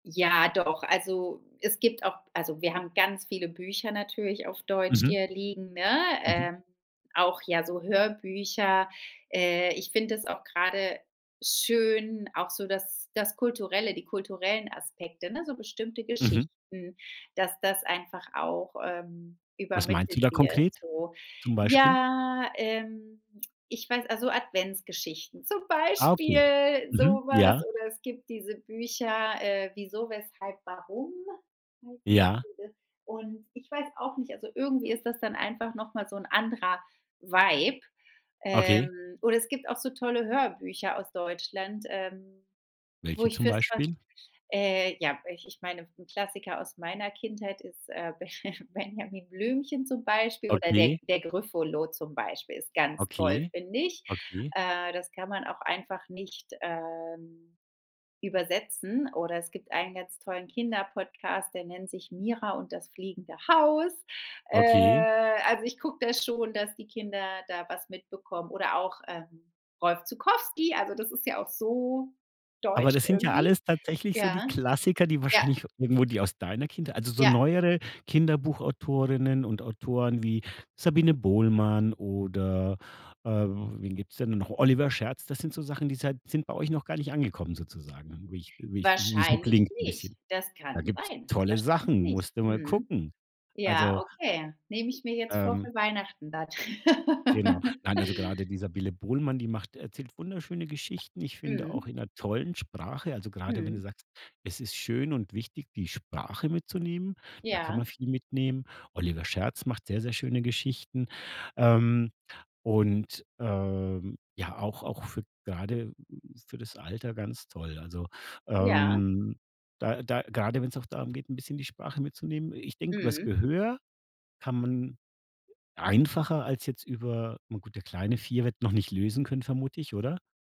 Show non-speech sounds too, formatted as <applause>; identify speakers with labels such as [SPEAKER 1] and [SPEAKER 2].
[SPEAKER 1] Ja, doch. Also, es gibt auch also, wir haben ganz viele Bücher natürlich auf Deutsch
[SPEAKER 2] Mhm.
[SPEAKER 1] hier liegen, ne,
[SPEAKER 2] Mhm.
[SPEAKER 1] äh, auch, ja, so Hörbücher. Äh, ich finde es auch grade schön, auch so das das kulturelle, die kulturellen Aspekte, ne, so bestimmte
[SPEAKER 2] Mhm.
[SPEAKER 1] Geschichten, dass das einfach auch, ähm,
[SPEAKER 2] Was meinst du
[SPEAKER 1] übermittelt
[SPEAKER 2] da
[SPEAKER 1] wird,
[SPEAKER 2] konkret
[SPEAKER 1] so.
[SPEAKER 2] zum Beispiel?
[SPEAKER 1] Ja, ähm, ich weiß also, Adventsgeschichten, zum
[SPEAKER 2] Ah okay.
[SPEAKER 1] Beispiel so
[SPEAKER 2] Mhm,
[SPEAKER 1] was
[SPEAKER 2] ja.
[SPEAKER 1] oder es gibt diese Bücher, äh, „Wieso, Weshalb, Warum?”
[SPEAKER 2] Ja.
[SPEAKER 1] <unintelligible> Und ich weiß auch nicht, also, irgendwie ist das dann einfach noch mal so 'n anderer Vibe.
[SPEAKER 2] Okay.
[SPEAKER 1] Ähm, oder es gibt auch so tolle Hörbücher aus Deutschland, ähm, wo
[SPEAKER 2] Welche
[SPEAKER 1] ich
[SPEAKER 2] zum
[SPEAKER 1] für's fast
[SPEAKER 2] Beispiel?
[SPEAKER 1] Äh, ja, ich ich meine, 'n Klassiker aus meiner Kindheit ist, äh, Benja Benjamin Blümchen zum Beispiel oder der
[SPEAKER 2] Okay.
[SPEAKER 1] der Grüffolo zum Beispiel ist ganz toll,
[SPEAKER 2] Okay.
[SPEAKER 1] finde ich.
[SPEAKER 2] Okay.
[SPEAKER 1] Äh, das kann man auch einfach nicht, ähm, übersetzen. Oder es gibt einen ganz tollen Kinderpodcast, der nennt sich „Mira und das fliegende Haus“.
[SPEAKER 2] Okay.
[SPEAKER 1] Äh, also, ich gucke da schon, dass die Kinder da was mitbekommen. Oder auch, ähm, Rolf Zuckowski, also, das ist ja auch so
[SPEAKER 2] Aber
[SPEAKER 1] deutsch
[SPEAKER 2] das sind ja
[SPEAKER 1] irgendwie.
[SPEAKER 2] alles tatsächlich so die
[SPEAKER 1] Ja,
[SPEAKER 2] Klassiker, die
[SPEAKER 1] ja.
[SPEAKER 2] wahrscheinlich irgendwo die aus deiner Kindheit also, so
[SPEAKER 1] Ja.
[SPEAKER 2] neuere Kinderbuch-Autorinnen und Autoren wie Sabine Bohlmann oder, äh, wen gibt's denn noch. Oliver Scherz. Das sind so Sachen, die seid sind bei euch noch gar nicht angekommen sozusagen, wie ich wie ich wie's so
[SPEAKER 1] Wahrscheinlich
[SPEAKER 2] klingt 'n
[SPEAKER 1] nicht.
[SPEAKER 2] bisschen.
[SPEAKER 1] Das
[SPEAKER 2] Da
[SPEAKER 1] kann
[SPEAKER 2] gibt's
[SPEAKER 1] sein.
[SPEAKER 2] tolle
[SPEAKER 1] Wahrscheinlich
[SPEAKER 2] Sachen,
[SPEAKER 1] nicht.
[SPEAKER 2] musst du mal
[SPEAKER 1] Mhm.
[SPEAKER 2] gucken.
[SPEAKER 1] Ja,
[SPEAKER 2] Also
[SPEAKER 1] okay. Nehme ich mir jetzt vor
[SPEAKER 2] ähm
[SPEAKER 1] für Weihnachten dann.
[SPEAKER 2] Genau.
[SPEAKER 1] <laughs>
[SPEAKER 2] Nein, also, grade die Sabine Bohlmann, die macht erzählt wunderschöne Geschichten. Ich finde
[SPEAKER 1] Mhm.
[SPEAKER 2] auch in 'ner tollen Sprache. Also, grade wenn du
[SPEAKER 1] Mhm.
[SPEAKER 2] sagst: „Es ist schön und wichtig, die Sprache mitzunehmen“, da kann man
[SPEAKER 1] Ja.
[SPEAKER 2] viel mitnehmen. Oliver Scherz macht sehr, sehr schöne Geschichten. Ähm, und, ähm, ja auch auch für grade für das Alter ganz toll. Also,
[SPEAKER 1] Ja.
[SPEAKER 2] ähm, da da grade wenn's auch darum geht, 'n bisschen die Sprache mitzunehmen ich denke übers
[SPEAKER 1] Mhm.
[SPEAKER 2] Gehör kann man einfacher als jetzt über na gut, der Kleine, 4, wird noch nicht lesen können, vermute ich, oder?